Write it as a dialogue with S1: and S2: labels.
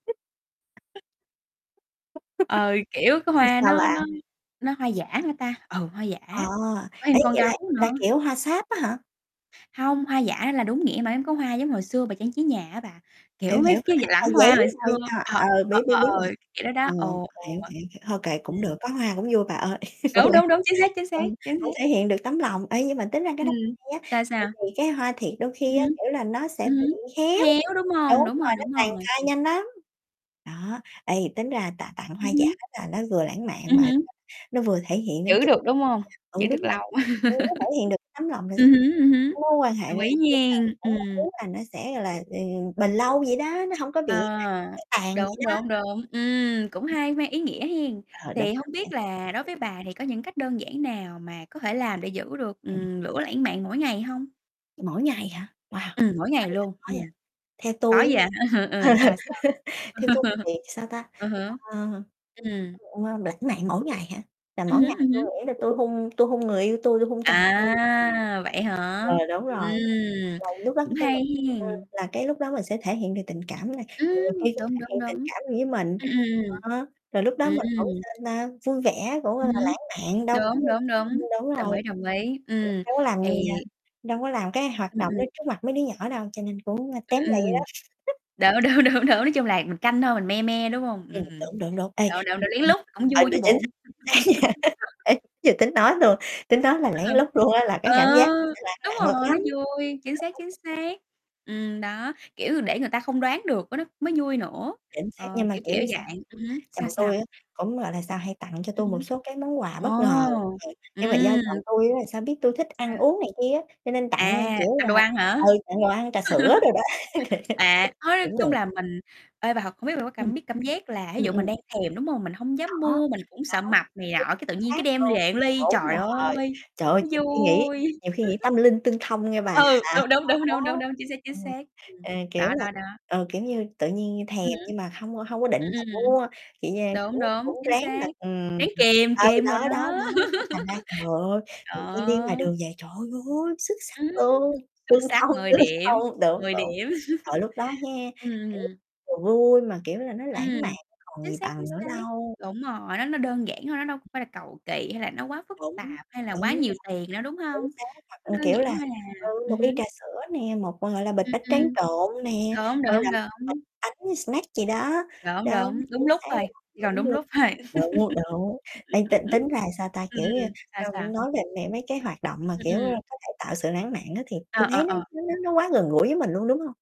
S1: [unintelligible]
S2: [unintelligible] Ừ, kiểu, cái
S1: Chứ
S2: hoa
S1: sao
S2: nó
S1: bà.
S2: nó nó hoa giả hả ta? Ừ, hoa giả,
S1: À,
S2: có
S1: ê,
S2: thêm con
S1: vậy là
S2: gấu
S1: là,
S2: nữa.
S1: kiểu, hoa sáp á hả?
S2: Hông, hoa giả là đúng nghĩa mà mấy có hoa giống hồi xưa bà trang trí nhà á bà, kiểu,
S1: Hiểu,
S2: mấy
S1: hiểu,
S2: cái d
S1: hoa
S2: lẵng
S1: giấy
S2: hoa hồi xưa.
S1: thôi, a,
S2: Ờ.
S1: ờ,
S2: Ờ,
S1: biết, biết,
S2: ờ,
S1: biết
S2: ờ.
S1: rồi.
S2: Kiểu đó đó.
S1: Ờ,
S2: Ồ, ồ.
S1: hiểu, hiểu, thôi kệ cũng
S2: Ừm.
S1: được, có hoa cũng vui bà ơi,
S2: Đúng, đúng,
S1: [unintelligible]
S2: đúng, chính xác, chính xác,
S1: ừm,
S2: chính
S1: cũng
S2: xác.
S1: thể hiện được tấm lòng. Ê, nhưng mà tính ra cái đó
S2: Ừm.
S1: hay á,
S2: Sao,
S1: tại
S2: sao?
S1: vì cái hoa thiệt đôi khi
S2: Ừm
S1: á,
S2: hứm.
S1: kiểu là, nó sẽ
S2: Ừm hứm.
S1: bị héo.
S2: Héo, đúng
S1: Đúng
S2: hông? Đúng rồi,
S1: rồi, nó
S2: đúng
S1: tàn
S2: rồi.
S1: phai nhanh lắm. Đó, ê, tính ra tạ tặng hoa
S2: Ừm
S1: giả
S2: hứm.
S1: là nó vừa lãng mạn
S2: Ừm
S1: mà [unintelligible]
S2: hứm.
S1: nó vừa thể hiện đến
S2: Giữ
S1: cái
S2: được, đúng hông?
S1: tấm
S2: Giữ
S1: lòng vậy
S2: được
S1: đó.
S2: lâu.
S1: Ừ, đúng rồi, [unintelligible] thể hiện được tấm lòng là s
S2: Ừm hứm, ừm hứm.
S1: cái mối quan hệ
S2: Đồng
S1: là,
S2: ý
S1: kiểu là,
S2: nhen.
S1: cũng mong
S2: Ừm.
S1: muốn là nó sẽ, gọi là, ừ, bền lâu vậy đó, nó hông có bị [unintelligible]
S2: Ờ.
S1: héo tàn
S2: Đúng,
S1: vậy đó.
S2: đúng, đúng, ừm, cũng hay, mang ý nghĩa hen.
S1: Ờ, đúng,
S2: Thì hông
S1: đúng vậy.
S2: biết là đối
S1: Ừm.
S2: với bà thì có những cách đơn giản nào mà có thể làm để giữ được,
S1: Ừm.
S2: ừm, lửa lãnh mạn mỗi ngày hông?
S1: Mỗi ngày hả? Wow!
S2: Ừm, mỗi
S1: Nói
S2: ngày
S1: vậy,
S2: luôn.
S1: nói, a,
S2: Ừm.
S1: theo
S2: Có
S1: tui á
S2: gì
S1: nha,
S2: là hả? Ừ, sao, sao?
S1: theo tui thì, sao ta,
S2: Ừ hứ.
S1: ờ,
S2: Ừm.
S1: đ lãng mạn mỗi ngày hả? Là
S2: Ừm
S1: mỗi ngày
S2: hứm, ừm
S1: tui
S2: hứm.
S1: nghĩ là tui hôn tui hôn người yêu tui, tui hôn chồng tui. Ừm.
S2: À, vậy hả?
S1: Ừ, đúng
S2: Ừm.
S1: rồi. Là lúc đó
S2: Cũng
S1: khi
S2: hay
S1: mình ừ,
S2: hen.
S1: là cái lúc đó mình sẽ thể hiện được tình cảm này, rồi người
S2: Ừm,
S1: kia cũng
S2: đúng,
S1: thể
S2: đúng,
S1: hiện tình
S2: đúng.
S1: cảm gì với mình.
S2: Ừm, ừm.
S1: Đó, rồi lúc đó mình cũng,
S2: Ừm.
S1: sao ta, vui vẻ, cũng là
S2: Ừm hứm.
S1: lãng mạn đâu có.
S2: Đúng,
S1: [unintelligible]
S2: đúng,
S1: Ưm,
S2: đúng.
S1: đúng
S2: Đồng
S1: rồi.
S2: ý, đồng ý, ừm.
S1: [unintelligible] Đâu có làm
S2: Thì
S1: [unintelligible] đâu có làm cái hoạt
S2: Ừm,
S1: động
S2: ừm.
S1: đó trước mặt mấy đứa nhỏ đâu, cho nên cũng
S2: Ừm,
S1: tém lại dữ lắm.
S2: ừm. Đúng, đúng, đúng, đúng, nói chung là mình canh thôi mình me me, đúng hông?
S1: Ừm,
S2: Ừm.
S1: đúng, đúng, đúng. Ê,
S2: Đ đ
S1: ừm,
S2: đựng lén
S1: ừm.
S2: lúc, cũng
S1: Ờ,
S2: vui
S1: đ
S2: chứ
S1: chính xác, chính xác nha
S2: bộ.
S1: Ê. Vừa tính nói luôn, tính nói là
S2: À ha.
S1: lén lút luôn á là cái
S2: Ờ.
S1: cảm giác nó sẽ lãng
S2: Đúng
S1: lặng l lắm.
S2: rồi, nó vui, chính xác, chính
S1: [unintelligible]
S2: xác. Ừm, đó, kiểu, để người ta không đoán được cái đó mới vui nữa.
S1: Chính xác,
S2: Ờ,
S1: nhưng mà
S2: kiểu,
S1: kiểu
S2: kiểu
S1: sao?
S2: dạng ừm hứm, sao
S1: Chồng
S2: sao?
S1: tui á cũng, gọi là, sao, hay tặng cho
S2: Ừm
S1: tui một
S2: hứm.
S1: số cái món quà bất ngờ.
S2: Ồ!
S1: Ừm. Nhưng mà do
S2: Ừm!
S1: chồng tui á là sao biết tui thích ăn
S2: Sao?
S1: uống này kia á, cho nên tặng, a,
S2: À,
S1: kiểu
S2: ăn
S1: là,
S2: đồ ăn hả?
S1: ừ, tặng đồ ăn, trà sữa đồ đó
S2: À, nói
S1: cũng
S2: chung
S1: được.
S2: là mình ê, bà thật không biết bà có
S1: Ừm.
S2: cảm biết cảm giác là thí
S1: Ừm,
S2: dụ mình
S1: ừm.
S2: đang thèm, đúng hông? Mình hông dám
S1: Đó.
S2: mua, mình cũng sợ
S1: Đó.
S2: mập này
S1: Chính
S2: nọ, cái tự nhiên
S1: xác
S2: cái đem
S1: luôn.
S2: về một ly.
S1: Đúng
S2: Trời
S1: rồi.
S2: ơi!
S1: Trời ơi,
S2: Nó
S1: nhiều khi nghĩ
S2: vui!
S1: nhiều khi nghĩ tâm linh tương thông nghe bà.
S2: Ừ, đ đúng, đúng, đúng,
S1: Đó.
S2: đúng, đúng, chính xác, chính
S1: Ừm.
S2: xác. Ừm.
S1: Ê, kiểu
S2: Đó,
S1: là,
S2: đó, đó.
S1: ờ, kiểu như, tự nhiên thèm
S2: Ừm hứm.
S1: nhưng mà hông hông có định
S2: Ừm,
S1: là
S2: ừm.
S1: mua, kiểu như,
S2: Đúng,
S1: cũng
S2: đúng,
S1: cũng
S2: chính
S1: ráng là,
S2: xác.
S1: ừm
S2: Ráng kìm,
S1: ờ,
S2: kìm rồi
S1: đó, đó,
S2: đó.
S1: đó, cái thành ra, trời ơi, tự nhiên đi ngoài
S2: Đó.
S1: đường về, trời ơi! Xuất sắc
S2: Ừm.
S1: luôn,
S2: Xuất
S1: tương
S2: sắc
S1: thông,
S2: 10
S1: tương
S2: điểm,
S1: thông. Đúng,
S2: 10
S1: đúng.
S2: điểm.
S1: Trời, lúc đó ha,
S2: Ừm,
S1: kiểu,
S2: ừm.
S1: vừa vui mà, kiểu là, nó
S2: Ừm.
S1: lãng mạn, còn
S2: Chính
S1: gì
S2: xác, chính
S1: bằng nữa
S2: xác.
S1: đâu.
S2: Đúng rồi, nó nó đơn giản thôi, nó đâu có phải là cầu kỳ, hay là nó quá phức
S1: Đúng
S2: tạp, hay là quá
S1: rồi.
S2: nhiều tiền đâu, đúng
S1: Chính
S2: hông?
S1: xác. Hoặc,
S2: Nó
S1: ừm,
S2: đơn
S1: kiểu
S2: giản
S1: là,
S2: thôi
S1: ừ,
S2: à. Ừm
S1: một ly trà
S2: hứm.
S1: sữa nè, một, gọi là, bịch
S2: Ừm,
S1: bánh tráng
S2: ừm.
S1: trộn nè,
S2: Đúng,
S1: gọi
S2: đúng,
S1: là, một bịch
S2: đúng.
S1: bánh snack gì đó.
S2: Đúng,
S1: Đúng,
S2: đúng,
S1: chính
S2: đúng lúc
S1: xác
S2: thôi,
S1: luôn.
S2: chỉ cần
S1: Đúng
S2: đúng
S1: luôn.
S2: lúc thôi.
S1: Đúng, đúng. Ê, t tính ra, sao ta,
S2: Ừm.
S1: kiểu như,
S2: Sao
S1: ưm,
S2: sao?
S1: nói về m mấy cái hoạt động mà,
S2: Ừm,
S1: kiểu, ơ,
S2: ừm.
S1: có thể tạo sự lãng mạn á thì
S2: À,
S1: tui thấy
S2: ờ,
S1: nó
S2: ờ.
S1: nó nó nó quá gần gũi với mình luôn, đúng hông?